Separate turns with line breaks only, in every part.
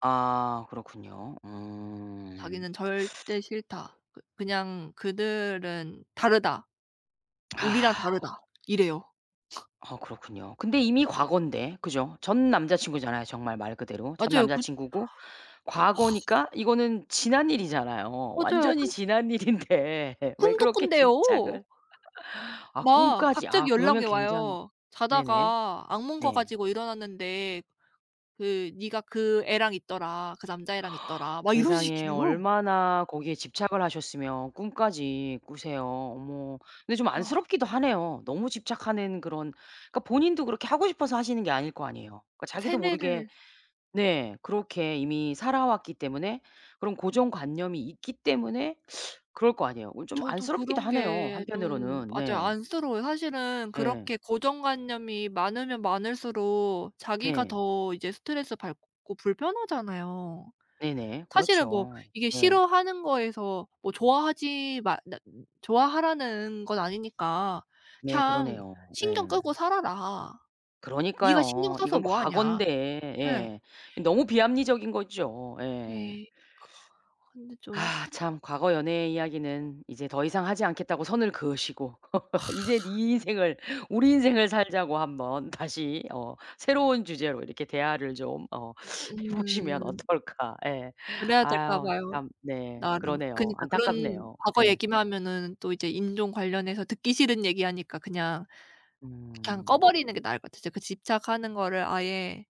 아 그렇군요. 음.
자기는 "절대 싫다." 그 그냥 "그들은 다르다. 우리랑
아.
다르다." 이래요.
아 그렇군요. 근데 이미 과거인데. 그죠? 전 남자 친구잖아요, 정말 말 그대로. 전
맞아요.
남자
그
친구고 과거니까 이거는 지난 일이잖아요.
맞아요.
완전히
근
지난 일인데 왜
꿈도
그렇게
꾼대요.
집착을. 아
막
꿈까지.
갑자기
아 그러면
연락이
굉장히
와요.
네네.
"자다가 악몽 꿔
네.
가지고 일어났는데 그 네가 그 애랑 있더라. 그 남자애랑 있더라." 막 이런
세상에
식이에요.
얼마나 거기에 집착을 하셨으면 꿈까지 꾸세요. 어머 근데 좀
아.
안쓰럽기도 하네요. 너무 집착하는 그런 그러니까 본인도 그렇게 하고 싶어서 하시는 게 아닐 거 아니에요. 그 자기도 모르게
세뇌를
네 그렇게 이미 살아왔기 때문에 그런 고정관념이 있기 때문에 그럴 거 아니에요. 어 좀
저도
안쓰럽기도
그런
하네요,
게 좀
한편으로는.
맞아요.
네.
안쓰러워요. 사실은
예.
그렇게 고정관념이 많으면 많을수록 자기가
네.
더 이제 스트레스받고 불편하잖아요.
네네.
사실은 뭐
그렇죠.
이게
예.
싫어하는 거에서 뭐 좋아하지 마 나 좋아하라는 건 아니니까
네
그냥 "그냥
그러네요.
신경
예.
끄고 살아라. 네가 신경
그러니까요.
써서
이거는
뭐 하냐."
과거인데.
네.
예. 너무 비합리적인 거죠. 예.
네. 그 근데 좀
아 참 과거 연애의 이야기는 이제 더 이상 하지 않겠다고 선을 그으시고 "이제 네 인생을 우리 인생을 살자."고 한번 다시 어 새로운 주제로 이렇게 대화를 좀 어 해 보시면
으음.
어떨까. 예
그래야 될까
아유
봐요,
참 네
나름.
그러네요.
그니까 그런
안타깝네요.
과거
예.
얘기만 하면은 또 이제 인종 관련해서 듣기 싫은 얘기하니까 그냥 그냥
음.
꺼 버리는 게 나을 것 같아. 진짜 그 집착하는 거를 아예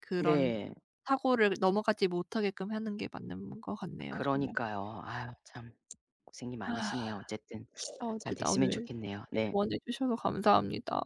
그런
네.
사고를 넘어가지 못하게끔 하는 게 맞는 것 같네요, 정말.
그러니까요. 아유 참 고생이 많으시네요. 어쨌든
아
잘
어쨌든 오늘
됐으면
이렇게
좋겠네요. 네.
조언해 주셔서 감사합니다.